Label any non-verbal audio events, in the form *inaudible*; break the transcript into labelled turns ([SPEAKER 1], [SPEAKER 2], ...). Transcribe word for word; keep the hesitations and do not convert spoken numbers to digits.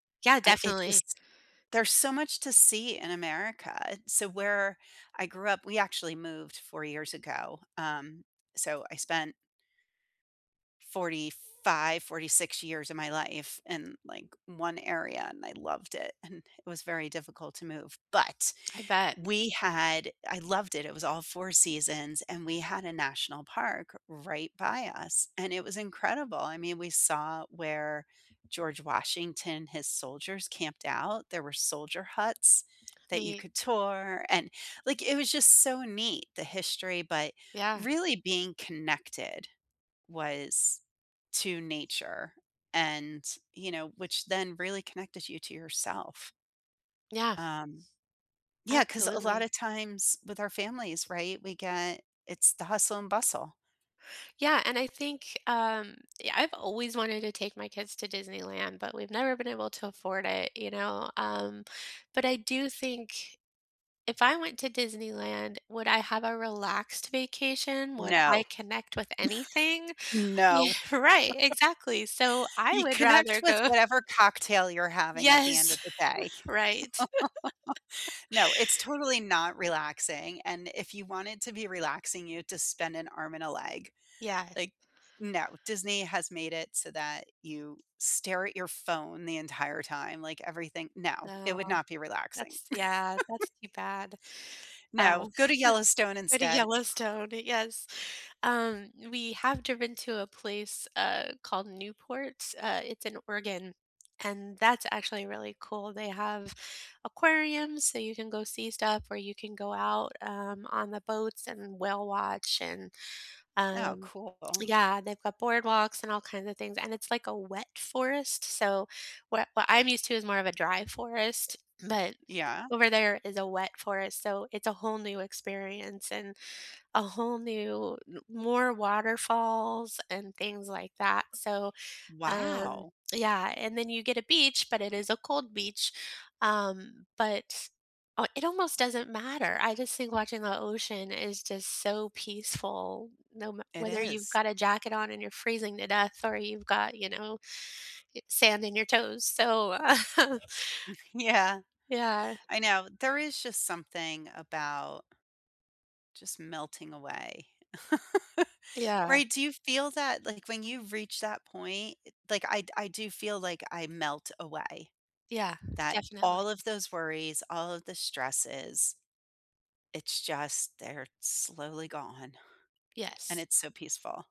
[SPEAKER 1] Yeah,
[SPEAKER 2] I it
[SPEAKER 1] definitely.
[SPEAKER 2] just there's so much to see in America, so, where I grew up, we actually moved four years ago, um, so I spent fourty-five, fourty-six years of my life in, like, one area and I loved it and it was very difficult to move, but
[SPEAKER 1] I bet.
[SPEAKER 2] we had I loved it, it was all four seasons and we had a national park right by us, and it was incredible, I mean, we saw where George Washington his soldiers camped out, there were soldier huts that you
[SPEAKER 1] Neat.
[SPEAKER 2] could tour, and, like, it was just so neat, the history, but
[SPEAKER 1] Yeah.
[SPEAKER 2] really being connected, was to nature and you know, which then really connected you to yourself.
[SPEAKER 1] Yeah.
[SPEAKER 2] Um, yeah, 'cause a lot
[SPEAKER 1] Absolutely.
[SPEAKER 2] of times with our families, right, we get it's the hustle and bustle.
[SPEAKER 1] Yeah, and I think, um yeah, I've always wanted to take my kids to Disneyland, but, we've never been able to afford it, you know, um, but I do think if I went to Disneyland, would I have a relaxed vacation, would
[SPEAKER 2] No.
[SPEAKER 1] I connect with anything? Yeah,
[SPEAKER 2] *chuckles* No.
[SPEAKER 1] right,
[SPEAKER 2] *chuckles*
[SPEAKER 1] exactly. So I
[SPEAKER 2] You
[SPEAKER 1] would
[SPEAKER 2] connect
[SPEAKER 1] rather
[SPEAKER 2] with
[SPEAKER 1] go
[SPEAKER 2] whatever cocktail you're having at the end
[SPEAKER 1] Yes.
[SPEAKER 2] of the day.
[SPEAKER 1] *chuckles* Right. *chuckles*
[SPEAKER 2] *chuckles* No, it's totally not relaxing, and if you want it to be relaxing, you have to spend an arm and a leg.
[SPEAKER 1] Yes.
[SPEAKER 2] Like, no, Disney has made it so that you stare at your phone the entire time, like, everything no, it
[SPEAKER 1] No,
[SPEAKER 2] would not be relaxing.
[SPEAKER 1] that's yeah,
[SPEAKER 2] *chuckles*
[SPEAKER 1] that's too bad.
[SPEAKER 2] No,
[SPEAKER 1] Um
[SPEAKER 2] go to
[SPEAKER 1] *chuckles*
[SPEAKER 2] Yellowstone
[SPEAKER 1] Go to
[SPEAKER 2] instead.
[SPEAKER 1] Yellowstone, yes. Um, we have driven to a place, uh, called Newport, uh, it's in Oregon, and that's actually really cool, they have aquariums, so you can go see stuff or you can go out, um, on the boats and whale watch and,
[SPEAKER 2] Oh,
[SPEAKER 1] um
[SPEAKER 2] cool.
[SPEAKER 1] yeah, they've got boardwalks and all kinds of things, and it's, like, a wet forest, so, what what I'm used to is more of a dry forest, but
[SPEAKER 2] Yeah.
[SPEAKER 1] over there is a wet forest, so it's a whole new experience and a whole new n more waterfalls and things, like that, so, um,
[SPEAKER 2] Wow.
[SPEAKER 1] yeah. And then you get a beach, but it is a cold beach, um, but, uh, it almost doesn't matter, I just think watching the ocean is just so peaceful, no m
[SPEAKER 2] It
[SPEAKER 1] whether you've
[SPEAKER 2] is.
[SPEAKER 1] got a jacket on and you're freezing to death or you've got, you know, y sand in your toes, so
[SPEAKER 2] *chuckles* Yeah,
[SPEAKER 1] *laughs* Yeah.
[SPEAKER 2] I know, there is just something about just melting away. *chuckles*
[SPEAKER 1] Yeah.
[SPEAKER 2] Right? Do you feel that? Like, when you reach that point, eh like, I I do feel like I melt away.
[SPEAKER 1] Yeah,
[SPEAKER 2] That
[SPEAKER 1] definitely.
[SPEAKER 2] all of those worries, all of the stresses. It's just they're slowly gone, and
[SPEAKER 1] Yes.
[SPEAKER 2] it's so peaceful.